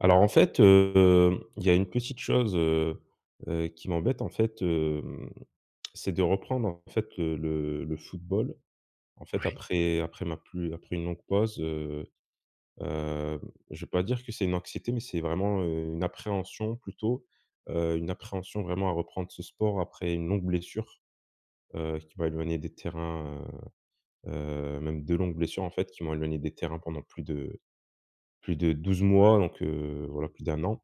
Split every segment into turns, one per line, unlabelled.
Alors, en fait, heu, hem, il y a une petite chose, heu heu, qui m'embête, en fait, hem, c'est de reprendre en fait, heu, le le football, en fait,
Oui.
après après ma plus après une longue pause, heu, hem, je vais pas dire que c'est une anxiété, mais c'est vraiment, heu, une appréhension, plutôt, heu, une appréhension vraiment à reprendre ce sport après une longue blessure, heu, qui m'a éloignée des terrains, heu heu, même 2 longues blessures, en fait, qui m'ont éloignées des terrains pendant plus de plus de 12 mois, donc heu, voilà, plus d'1 an,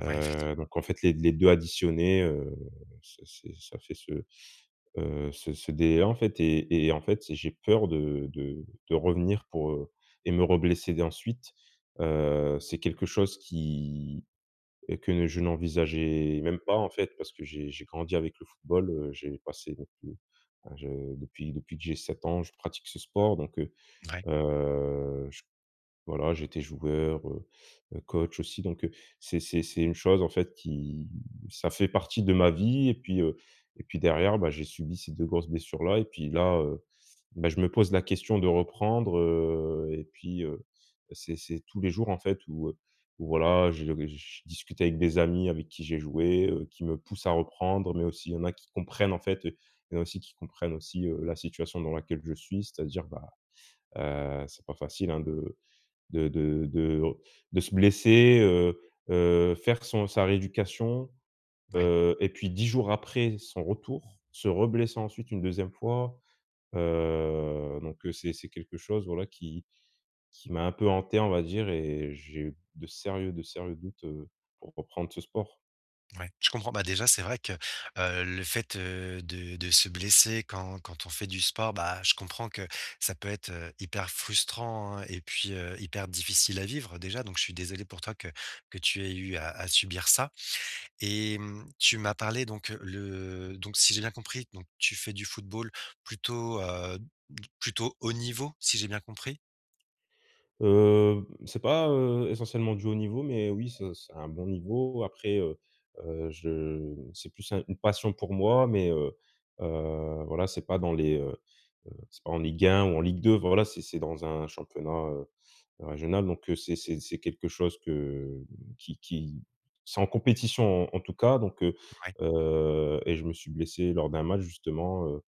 Ouais, effectiv
donc en fait les les 2 additionnés, heu, ça s'est ça fait ce, heu, ce ce délai-là, en fait et et en fait, c'est j'ai peur de de de revenir pour heu et me reblesser d ensuite, heu, c'est quelque chose qui et que je n'envisageais même pas, en fait, parce que j'ai j'ai grandi avec le football, heu, j'ai passé depuis hein, je depuis depuis que j'ai 7 ans, je pratique ce sport donc heu
Vouais.
heu, j voilà, j'étais joueur, heu heu, coach aussi, donc heu, c'est c'est c'est une chose, en fait, qui ça fait partie de ma vie et puis heu et puis derrière, bah, j'ai subi ces 2 grosses blessures-là, et puis là, heu, beh, je me pose la question de reprendre, heu et puis heu, c'est c'est tous les jours, en fait, où heu, où voilà, heu, je je discute avec des amis avec qui j'ai joué, heu, qui me poussent à reprendre mais aussi il y en a qui comprennent, en fait, heu, il y en a aussi qui comprennent aussi, heu, la situation dans laquelle je suis, c'est-à-dire, bah, heu, c'est pas facile, hein, de de de de de se blesser, heu heu, faire son sa rééducation,
Mouais.
heu et puis 10 jours après son retour, se reblesser ensuite une 2e fois, heu, donc heu, c'est c'est quelque chose voilà qui qui m'a un peu hanté, on va dire et j'ai eu de sérieux de sérieux doutes, heu, pour reprendre ce sport.
Ouais, je comprends, bah, déjà c'est vrai que, heu, le fait de de se blesser quand quand on fait du sport, bah, je comprends que ça peut être, heu, hyper frustrant, hein et puis, heu, hyper difficile à vivre déjà, donc je suis désolé pour toi que que tu aies eu à à subir ça et mmh, tu m'as parlé donc le donc si j'ai bien compris, donc tu fais du football plutôt, heu, d plutôt haut niveau, si j'ai bien compris?
Heu, c'est pas, heu, essentiellement du haut niveau, mais oui, c'est c'est un bon niveau. Après heu heu, je c'est plus un une passion pour moi, mais heu heu, voilà, c'est pas dans les heu heu, c'est pas en Ligue 1 ou en Ligue 2, voilà, c'est c'est dans un championnat, heu, régional, donc heu, c'est c'est c'est quelque chose que, hem, qui qui c'est en compétition en tout cas, donc heu
Mouais.
heu et je me suis blessé lors d'un match justement, heu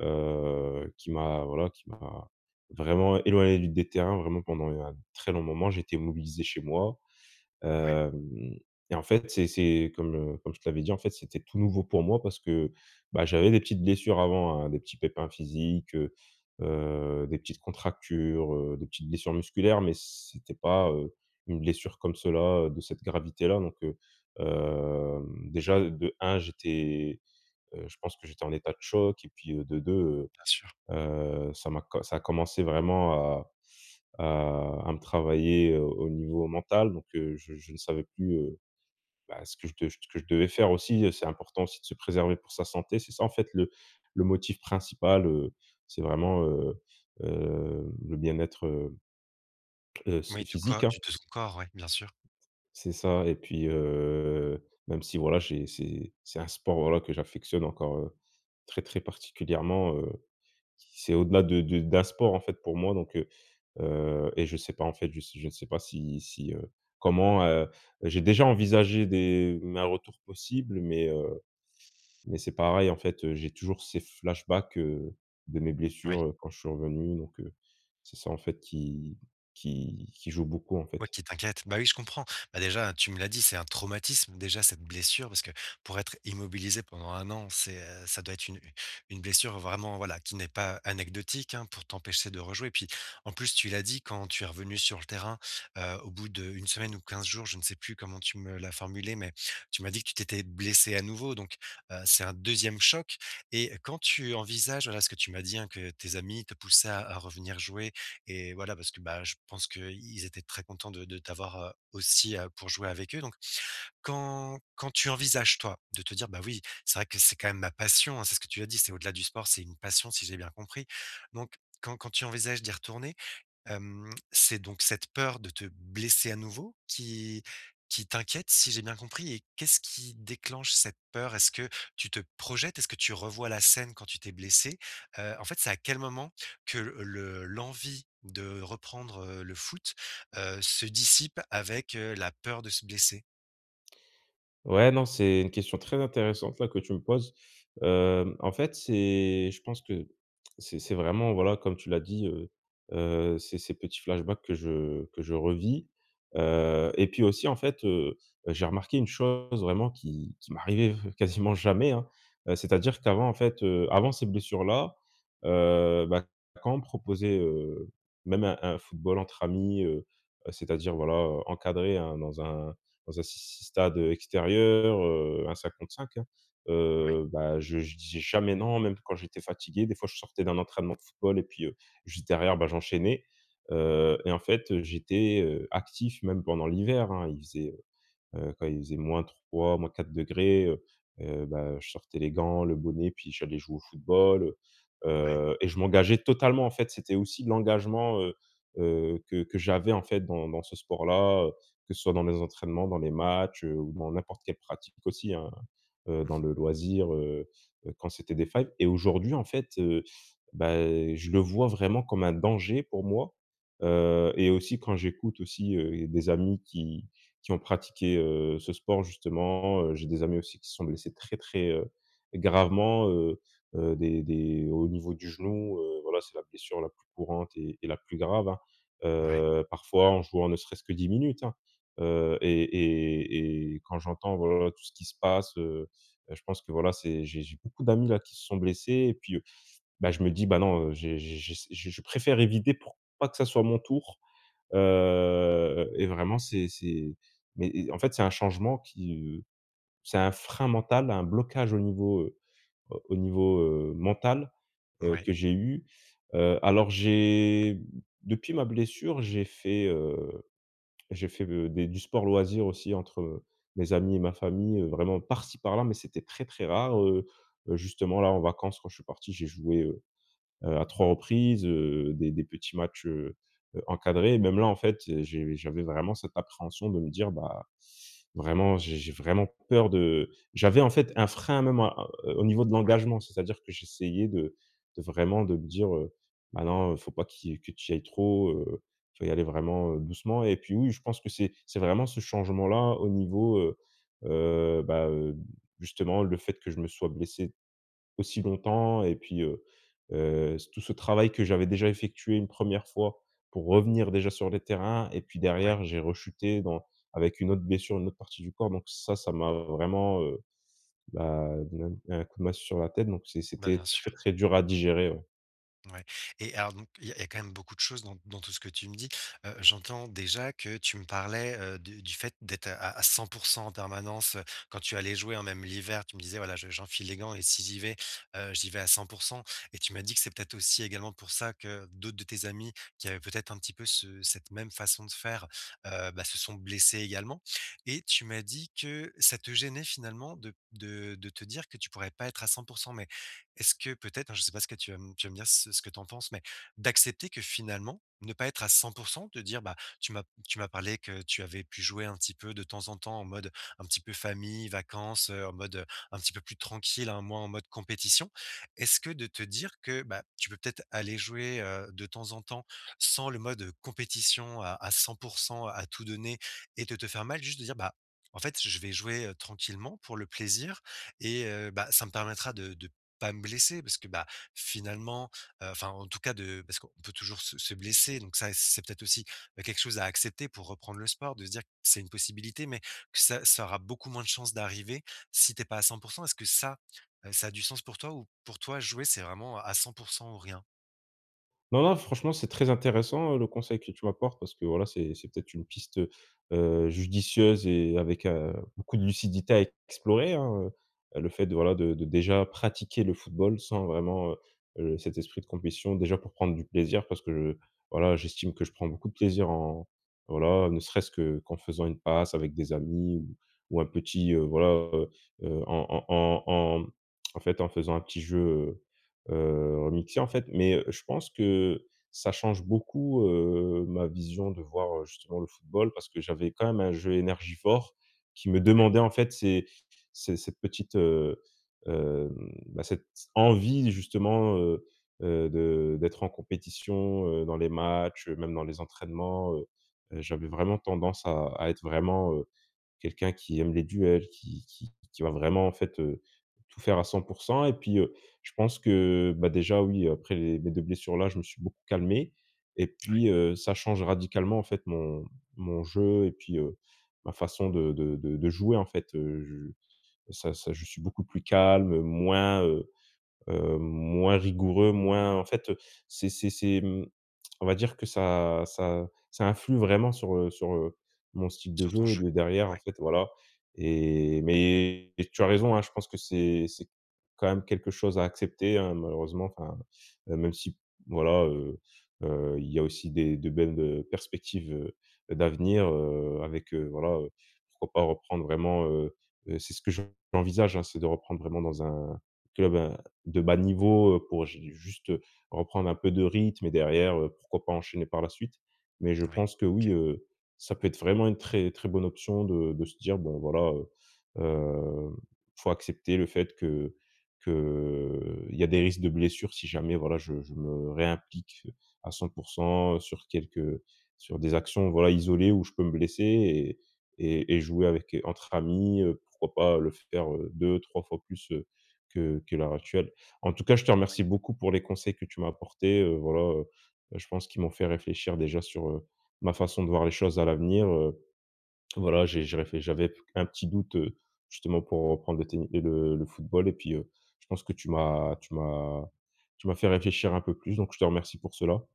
heu, qui m'a voilà, qui m'a vraiment éloigné des terrains vraiment pendant un très long moment, j'étais immobilisé chez moi,
Ouais.
hem et en fait, c'est c'est comme, heu, comme je te l'avais dit, en fait, c'était tout nouveau pour moi parce que, bah, j'avais des petites blessures avant, hein, des petits pépins physiques, heu heu, des petites contractures, heu, des petites blessures musculaires, mais c'était pas, heu, une blessure comme cela de cette gravité-là, donc heu, hem, déjà de 1, j'étais, heu, je pense que j'étais en état de choc et puis de 2 heu
Bien sûr.
heu, ça m'a co ça a commencé vraiment à à à me travailler au niveau mental, donc heu, je je ne savais plus, heu, bah, ce que je de ce que je devais faire aussi, c'est important aussi de se préserver pour sa santé, c'est ça, en fait, le le motif principal, heu, c'est vraiment, heu heu, le bien-être, heu heu, s
Oui du co
physique, hein.
du de son corps, ouais, bien sûr.
C'est ça et puis, heu, même si voilà, j'ai c'est c'est un sport, voilà, que j'affectionne encore, heu, très, très particulièrement, heu, c'est au-delà de de d'un sport, en fait, pour moi, donc heu heu et je sais pas, en fait, je je ne sais pas si si heu, comment, heu, j'ai déjà envisagé des m un retour possible, mais heu, mais c'est pareil, en fait, j'ai toujours ces flashbacks de mes
Oui.
blessures quand je suis revenu, donc heu, c'est ça, en fait, qui qui qui joue beaucoup, en
Ouais,
fait.
qui t'inquiète, bah, oui, je comprends, bah, déjà, tu me l'as dit, c'est un traumatisme, déjà, cette blessure, parce que pour être immobilisé pendant 1 an, c'est, heu, ça doit être une une blessure vraiment voilà, qui n'est pas anecdotique, hein, pour t'empêcher de rejouer, puis en plus, tu l'as dit quand tu es revenu sur le terrain, heu, au bout d' 1 semaine ou 15 jours, je ne sais plus comment tu me l'as formulé, mais tu m'as dit que tu t'étais blessé à nouveau, donc, heu, c'est un 2e choc et quand tu envisages, voilà ce que tu m'as dit, hein, que tes amis te poussaient à à revenir jouer et voilà parce que, bah, je pense qu'ils étaient très contents de de t'avoir, heu, aussi pour jouer avec eux, donc quand quand tu envisages, toi, de te dire: «Bah, oui, c'est vrai que c'est quand même ma passion, hein», c'est ce que tu as dit, c'est au-delà du sport, c'est une passion si j'ai bien compris, donc quand quand tu envisages d'y retourner, hem, c'est donc cette peur de te blesser à nouveau qui qui t'inquiète si j'ai bien compris et qu'est-ce qui déclenche cette peur? Est-ce que tu te projettes, est-ce que tu revois la scène quand tu t'es blessé? Heu, en fait, c'est à quel moment que le l'envie de reprendre, heu, le foot, heu, se dissipe avec, heu, la peur de se blesser?
Ouais non, c'est une question très intéressante là, que tu me poses, hem, en fait, c'est je pense que c'est c'est vraiment voilà, comme tu l'as dit, heu, heu, c'est ces petits flashbacks que je que je revis, heu, et puis aussi en fait, heu, j'ai remarqué une chose vraiment qui qui m'arrivait quasiment jamais hein. Heu, c'est-à-dire qu'avant en fait, heu, avant ces blessures là, heu, bah, quand on me proposait, heu, même un un football entre amis, heu, heu, c'est-à-dire voilà, heu, encadré, hein. Dans un dans un s s stade, heu, extérieur, heu, un 5 contre 5, hein.
Ouais.
Heu, bah, je je disais jamais non, même quand j'étais fatigué. Des fois, je sortais d'un entraînement de football et puis, heu, juste derrière, bah, j'enchaînais, heu, et en fait, heu, j'étais, heu, actif même pendant l'hiver, hein. Il faisait, heu quand il faisait - 3, - 4 degrés, heu, heu, bah, je sortais les gants, le bonnet, puis j'allais jouer au football, heu,
Ouais.
heu et je m'engageais totalement, en fait. C'était aussi l'engagement, heu, heu, que que j'avais en fait dans dans ce sport-là, heu, que ce soit dans les entraînements, dans les matchs, heu, ou dans n'importe quelle pratique aussi hein, heu,
Mmh
dans
mh.
le loisir, heu, heu, quand c'était des failles. Et aujourd'hui, en fait, heu, bah, je le vois vraiment comme un danger pour moi, heu et aussi quand j'écoute aussi, heu, des amis qui qui ont pratiqué, heu, ce sport justement, heu, j'ai des amis aussi qui se sont blessés très, très, heu, gravement, heu, heu, des des au niveau du genou, heu, voilà, c'est la blessure la plus courante, et et la plus grave, hein.
Ouais.
Heu, parfois, en jouant ne serait-ce que 10 minutes hein, heu, et et et quand j'entends, voilà, tout ce qui se passe, heu, beh je pense que voilà, c'est j'ai j'ai beaucoup d'amis là qui se sont blessés et puis, heu, ben je me dis: «Ben non, j'ai j'ai j'ai je préfère éviter pour pas que ça soit mon tour», heu, et vraiment, c'est c'est mais et en fait, c'est un changement qui, heu c'est un frein mental, un blocage au niveau, heu, au niveau, heu, mental, heu,
Mouais.
que j'ai eu, heu, alors j'ai depuis ma blessure, j'ai fait, heu, j'ai fait de des du sport loisir aussi entre mes amis et ma famille, heu, vraiment par-ci par-là, mais c'était très, très rare. Heu, heu justement là en vacances, quand je suis parti, j'ai joué, heu, heu, à 3 reprises, heu, des des petits matchs, heu, heu, encadrés et même là en fait. J'ai j'avais vraiment cette appréhension de me dire: «Bah, vraiment j'ai j'ai vraiment peur de», j'avais en fait un frein même, heu, au niveau de
Ouais.
l'engagement. C'est-à-dire que j'essayais de de vraiment, de me dire, heu: «Bah, non il faut pas qui, heu que tu y ailles trop, heu, tu dois y aller vraiment doucement» et puis, oui, je pense que c'est c'est vraiment ce changement là, au niveau, heu, heu, bah, heu, justement le fait que je me sois blessé aussi longtemps et puis, heu, heu, tout ce travail que j'avais déjà effectué une 1re pour revenir déjà sur les terrains et puis
Ouais.
derrière, j'ai rechuté dans avec une autre blessure, une autre partie du corps. Donc ça, ça m'a vraiment, heu, bah, donné un un coup de masse sur la tête donc c'est
Bah,
c'était
bien
très
sûr.
très dur à digérer ouais.
Ouais et alors donc il y a il y a quand même beaucoup de choses dans dans tout ce que tu me dis, heu, j'entends déjà que tu me parlais, heu, de du fait d'être à à 100% en permanence, heu, quand tu allais jouer hein, même l'hiver. Tu me disais, voilà je j'enfile les gants et si j'y vais, heu, j'y vais à 100% et tu m'as dit que c'est peut-être aussi également pour ça que d'autres de tes amis, qui avaient peut-être un petit peu ce cette même façon de faire, heu, bah ce sont blessés également. Et tu m'as dit que ça te gênait finalement de p de de te dire que tu pourrais pas être à 100%, mais est-ce que peut-être hein, je sais pas ce que tu vas tu vas me dire ce ce que tu en penses, mais d'accepter que finalement, ne pas être à 100%, de dire, bah, tu m'as tu m'as parlé que tu avais pu jouer un petit peu de temps en temps en mode un petit peu famille vacances, heu, en mode un petit peu plus tranquille hein, moins en mode compétition. Est-ce que de te dire que, bah, tu peux peut-être aller jouer, heu, de temps en temps, sans le mode, heu, compétition à à 100%, à tout donner et de te faire mal. Juste de dire: «Bah en fait je je vais jouer, heu, tranquillement, pour le plaisir et heu, bah ça me permettra de de pas me blesser» parce que, bah, finalement, heu enfin, en tout cas de parce qu'on peut toujours se se blesser donc ça c'est peut-être aussi, bah, quelque chose à accepter pour reprendre le sport de se dire que c'est une possibilité mais ça ça aura beaucoup moins de chance d'arriver si tu es pas à 100%. Est-ce que ça, heu, ça a du sens pour toi ou pour toi jouer c'est vraiment à 100% ou rien?
Non non, franchement c'est très intéressant, heu, le conseil que tu m’apportes. Parce que voilà, c'est c'est peut-être une piste, heu heu, judicieuse et avec, heu, beaucoup de lucidité à explorer hein, heu, le fait de voilà, de de déjà pratiquer le football sans vraiment, heu heu, cet esprit de compétition. Déjà pour prendre du plaisir parce que, voilà, j'estime que je prends beaucoup de plaisir en voilà. Ne serait-ce que, qu'en faisant une passe avec des amis ou ou un petit, heu, voilà, heu heu, en en en en en fait en faisant un petit jeu, heu heu, remixé en fait. Mais heu, je pense que, ça change beaucoup, heu, ma vision de voir, heu, justement le football. Parce que j'avais quand même un jeu énergivore, qui me
Ouais.
demandait en fait, ces ces cette petite, heu heu. Bah cette, envie justement, heu heu, de d'être en compétition, heu, dans les matchs, même dans les entraînements, heu heu, j'avais vraiment tendance à à être vraiment, heu, quelqu'un qui aime les duels, qui qui qui va vraiment en fait, heu, tout faire à 100%. Et puis, heu, je pense que, bah déjà, oui après mes 2 blessures là, je me suis beaucoup calmé. Et
Ouais.
puis, heu, ça change radicalement en fait mon mon jeu et puis, heu, ma façon de de de de jouer en fait, heu, je ça ça je suis beaucoup plus calme, moins, heu heu, moins rigoureux, moins en fait, heu, c’est c'est c’est mmh, on va dire que ça ça ça influe vraiment sur, heu, sur, heu, mon style de
Sur ton
jeu
jeu?
de derrière en
Ouais.
fait, voilà. Et, mais tu as raison hein, je pense que c’est c'est quand même quelque chose à accepter, hein, malheureusement, enfin. Heu, même si, voilà, heu heu, il y a aussi des de belles perspectives, heu, d'avenir, heu, avec, heu, voilà, heu, pourquoi pas reprendre vraiment, heu heu, c'est ce que [unintelligible] j'envisage hein, c'est de reprendre vraiment dans un, club à de bas niveau, heu, pour j’ai juste reprendre un peu de rythme et derrière, pourquoi pas enchaîner par la suite? Mais je
Ouais,
pense que oui,
OK.
heu, ça peut être vraiment une très très bonne option de de se dire, bon voilà, heu heu, il faut accepter le fait que qu'il y a des risques de blessures si jamais voilà, je je me réimplique, à 100% sur quelques sur des actions, voilà isolées, où je peux me blesser et et et jouer avec, entre amis, heu, pourquoi pas le faire 2-3 fois plus, heu, que que l'heure actuelle? En tout cas, je te
Ouais.
remercie beaucoup pour les conseils que tu m'as apporté, heu, voilà, heu, je pense qu'ils m'ont fait réfléchir déjà sur, heu, ma façon de voir les choses à l'avenir, heu, voilà, j'ai j'ai réfléch j’avais un petit doute, heu, justement pour reprendre le tenni heu le le football et puis, heu, je pense que tu m’as tu m’as tu m'as fait réfléchir un peu plus, donc je te remercie pour cela.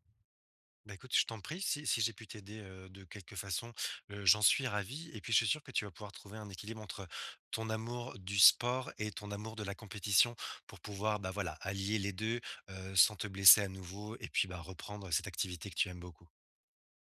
Ben écoute, je t'en prie. Si si j'ai pu t'aider, heu, de quelque façon, heu, j'en suis ravi, et puis je suis sûr que tu vas pouvoir trouver un équilibre entre ton amour du sport, et ton amour de la compétition, pour pouvoir, bah voilà, allier les 2, heu, sans te blesser à nouveau, et puis, bah, reprendre cette activité que tu aimes beaucoup.